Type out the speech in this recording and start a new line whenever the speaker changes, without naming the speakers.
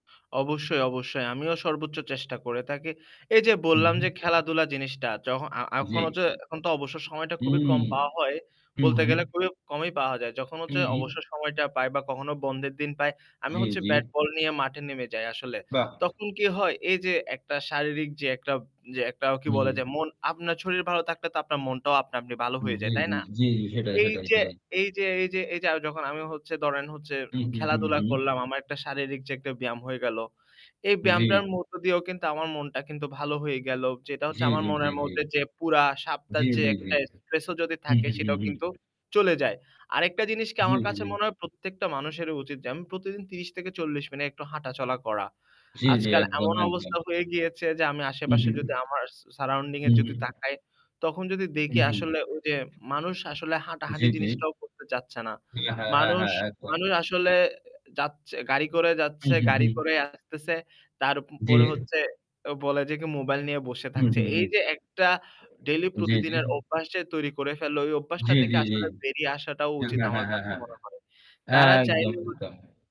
অবশ্যই, অবশ্যই। আমিও সর্বোচ্চ চেষ্টা করে থাকি। এই যে
হু,
বললাম
হু।
যে খেলাধুলা জিনিসটা যখন আ আ এখন
জ্বী।
হচ্ছে এখন তো অবসর সময়টা খুবই কম
উম
পাওয়া হয়। বলতে
উহু।
গেলে খুবই কমই পাওয়া যায়। যখন
হু,
হচ্ছে
হু।
অবসর সময়টা পাই বা কখনো বন্ধের দিন পাই আমি
জ্বি,
হচ্ছে
জ্বি।
ব্যাট বল নিয়ে মাঠে নেমে যাই আসলে।
বাহ্!
তখন কি হয় এই যে একটা শারীরিক যে একটা, যে একটা কি বলে
হুম।
যে মন আপনার শরীর ভালো থাকলে তো আপনার মনটাও আপনা আপনি ভালো
হু,
হয়ে
হু।
যায়। তাই না?
জ্বী, জ্বী সেটাই,
এই
সেটাই,
যে
সেটাই।
এই যে এই যে এই যে এই যে যখন আমি হচ্ছে ধরেন হচ্ছে যে
হু, হু, হু,
খেলাধুলা
হু।
করলাম। আমার একটা শারীরিক যে একটা ব্যায়াম হয়ে গেল। এই
জ্বি।
ব্যায়ামটার মধ্য দিয়েও কিন্তু আমার মনটা কিন্তু ভালো হয়ে গেলো। যেটা হচ্ছে
জ্বী,
আমার
জ্বী, জ্বী,
মনের
জ্বী।
মধ্যে যে পুরা সপ্তাহের
জ্বী,
যে
জ্বী, জ্বী,
একটা
জ্বী।
স্ট্রেস ও যদি
হু,
থাকে
হু, হু,
সেটাও
হু।
কিন্তু চলে যায়। আরেকটা জিনিস কি
হু,
আমার কাছে মনে
হু।
হয় প্রত্যেকটা মানুষেরই উচিত যে আমি প্রতিদিন ৩০ থেকে ৪০ মিনিট একটু হাঁটাচলা করা।
জ্বি, জ্বি,
আজকাল
একদম,
এমন
একদম।
অবস্থা হয়ে গিয়েছে যে আমি
হু,
আশে-পাশে যদি আমার সা surrounding এ
হু,
যদি
হুম।
তাকাই তখন যদি দেখি
হুম।
আসলে ওই যে মানুষ আসলে
জি,
হাঁটাহাঁটি
জি।
জিনিসটাও করতে চাচ্ছে না।
জ্বি। হ্যাঁ, হ্যাঁ,
মানুষ
হ্যাঁ একদম।
মানুষ আসলে যাচ্ছে গাড়ি করে
হু,
যাচ্ছে,
হু,
গাড়ি
হু।
করেই আসতেছে। প
জ্বি।
তারপরে হচ্ছে বলে যে কি মোবাইল নিয়ে বসে
হু,
থাকছে।
হু।
এই যে একটা ডেইলি
জ্বী, জ্বী।
প্রতিদিনের অভ্যাস যে তৈরি করে ফেলল ওই অভ্যাসটা
জ্বী,
থেকে
জ্বী, জ্বী।
আসলে বেরিয়ে আসাটাও
হ্যাঁ,
উচিত।
হ্যাঁ,
আমার
হ্যাঁ, হ্যাঁ,
কাছে
হ্যাঁ।
মনে হয়। তারা
একদম,
চাইলে হ
একদম।